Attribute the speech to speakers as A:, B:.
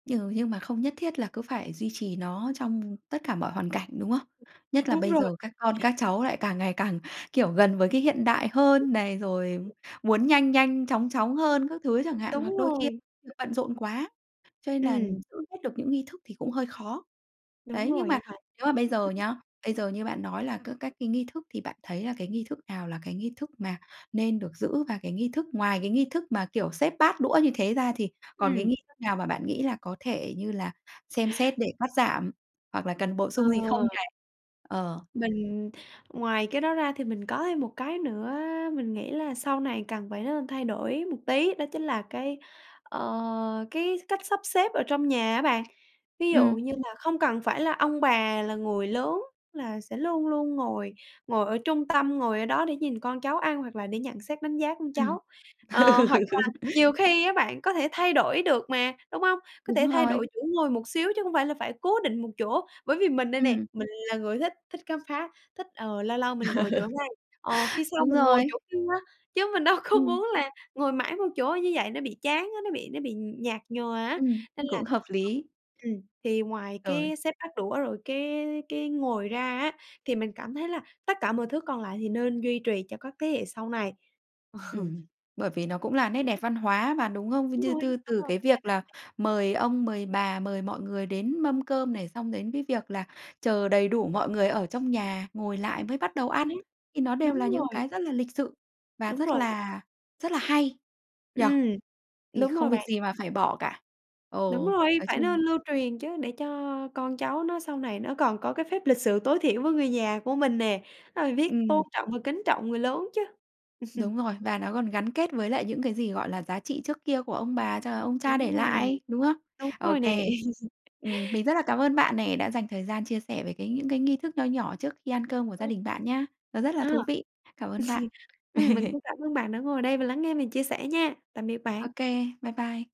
A: Ừ, như mà không nhất thiết là cứ phải duy trì nó trong tất cả mọi hoàn cảnh, đúng không? Nhất là
B: Đúng
A: bây
B: rồi.
A: giờ các con các cháu lại càng ngày càng, kiểu, gần với cái hiện đại hơn này, rồi
B: [unintelligible]
A: muốn nhanh nhanh chóng chóng hơn các thứ chẳng hạn, hoặc
B: Đúng
A: đôi khi
B: rồi.
A: [unintelligible] bận rộn quá, cho nên là
B: Ừm.
A: giữ hết được những nghi thức thì cũng hơi khó.
B: Đúng
A: Đấy, nhưng
B: rồi nghe
A: mà
B: bạn.
A: nếu mà bây giờ nhá, bây giờ như bạn nói là các các cái nghi thức thì bạn thấy là cái nghi thức nào là cái nghi thức mà nên được giữ? Và cái nghi thức ngoài cái nghi thức mà, kiểu, xếp bát đũa như thế ra, thì còn cái
B: Ừm.
A: nghi thức nào mà bạn nghĩ là có thể, như là, xem xét để cắt giảm, hoặc là cần bổ
B: Ờ.
A: sung gì không này? Ờ.
B: Mình ngoài cái đó ra thì mình có thêm một cái nữa, mình nghĩ là sau này cần phải nên thay đổi một tí, đó chính là cái, ờ, cái cách sắp xếp ở trong nhà á bạn, ví dụ
A: Ừm.
B: như là không cần phải là ông bà là người lớn, là sẽ luôn luôn ngồi ngồi ở trung tâm, ngồi ở đó để nhìn con cháu ăn hoặc là để nhận xét đánh giá con
A: Ừm.
B: cháu, ờ,
A: Ừ.
B: hoặc là nhiều khi á bạn có thể thay đổi được mà, đúng hông? Có thể
A: Đúng
B: thay
A: rồi.
B: đổi chỗ ngồi một xíu chứ không phải là phải cố định một chỗ, bởi vì mình đây nè,
A: Ừm.
B: mình là người thích thích khám phá, thích, ờ, lâu lâu mình
A: Ờ.
B: ngồi chỗ này, ờ, khi sau
A: Đúng
B: mình ngồi chỗ
A: rồi.
B: kia, chứ mình đâu có
A: Ừm.
B: muốn là ngồi mãi một chỗ như vậy nó bị chán á, nó bị nó bị nhạt nhòa á,
A: Ừm,
B: nên là
A: cũng hợp lý!
B: ừm, thì ngoài
A: Rồi.
B: cái xếp bát đũa rồi cái cái ngồi ra á thì mình cảm thấy là tất cả mọi thứ còn lại thì nên duy trì cho các thế hệ sau này. Ờ.
A: Ừm, bởi vì nó cũng là nét đẹp văn hóa mà, đúng không?
B: Đúng
A: Như
B: rồi,
A: tư
B: đúng
A: từ
B: rồi,
A: cái
B: mình thấy
A: việc
B: nó
A: là
B: v
A: mời ông, mời bà, mời mọi người đến mâm cơm này, xong đến cái việc là chờ đầy đủ mọi người ở trong nhà, ngồi lại mới bắt đầu
B: Chính
A: ăn.
B: xác.
A: Thì nó đều
B: Đúng
A: là những
B: rồi.
A: cái rất là lịch sự và
B: Đúng
A: rất
B: rồi đó.
A: là rất là hay, nhỉ?
B: Ừm,
A: Thì
B: đúng rồi
A: không việc
B: bạn.
A: gì mà phải bỏ cả. Ờ,
B: Đúng rồi,
A: nói
B: phải
A: chung
B: nên lưu truyền chứ, để cho con cháu nó sau này nó còn có cái phép lịch sự tối thiểu với người nhà của mình nè, nó phải biết
A: Ừm.
B: tôn trọng và kính trọng người lớn chứ.
A: Đúng rồi. Và nó còn gắn kết với lại những cái gì, gọi là, giá trị trước kia của ông bà cho là ông cha để
B: Đúng rồi,
A: lại, đúng không?
B: đúng
A: Ô
B: rồi nè!
A: kê. Ừm, mình rất là cảm ơn bạn nè, đã dành thời gian chia sẻ về cái những cái nghi thức nho nhỏ trước khi ăn cơm của gia
B: Ừm.
A: đình bạn nhá. Nó rất
B: Ờ.
A: là thú vị! Cảm ơn bạn.
B: Ừm, mình cũng cảm ơn bạn đã ngồi đây và lắng nghe mình chia sẽ nha! Tạm biệt
A: Ô
B: bạn.
A: kê, bye bye.